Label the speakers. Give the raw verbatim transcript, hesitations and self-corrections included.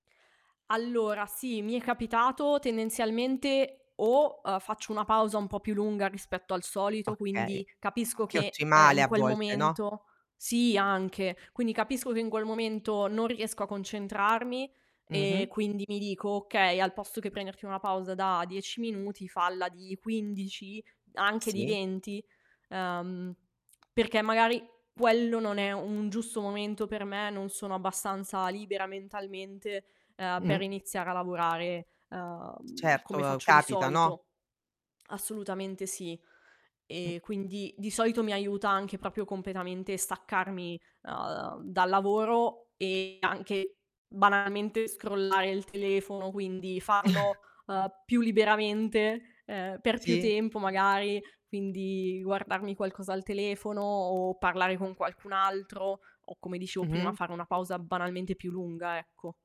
Speaker 1: Allora, sì, mi è capitato tendenzialmente, o, uhm, faccio una pausa un po' più lunga rispetto al solito,
Speaker 2: Okay,
Speaker 1: quindi capisco
Speaker 2: che è
Speaker 1: che, ehm,
Speaker 2: ottimale
Speaker 1: in
Speaker 2: a
Speaker 1: quel
Speaker 2: volte, no?
Speaker 1: momento sì anche, quindi capisco che in quel momento non riesco a concentrarmi e
Speaker 2: Mh-mh.
Speaker 1: quindi mi dico: "Okay, al posto che prenderti una pausa da dieci minuti falla di quindici, anche di
Speaker 2: Sì.
Speaker 1: venti." Ehm, perché magari quello non è un giusto momento per me, non sono abbastanza libera mentalmente, ehm, per
Speaker 2: Mh-mh.
Speaker 1: iniziare a lavorare, ehm,
Speaker 2: Certo,
Speaker 1: come
Speaker 2: uhm,
Speaker 1: faccio di
Speaker 2: capita, no?
Speaker 1: solito. Assolutamente sì.
Speaker 2: Mh.
Speaker 1: Ehm, quindi, di solito mi aiuta anche propio completamente staccarmi, uhm, dal lavoro, e anche banalmente scrollare il telefono, quindi farlo, uhm, più liberamente, ehm, per più
Speaker 2: Sì.
Speaker 1: tempo magari, quindi guardarmi qualcosa al telefono o parlare con qualcun altro, o come dicevo prima,
Speaker 2: Mh-mh.
Speaker 1: fare una pausa banalmente più lunga, ecco.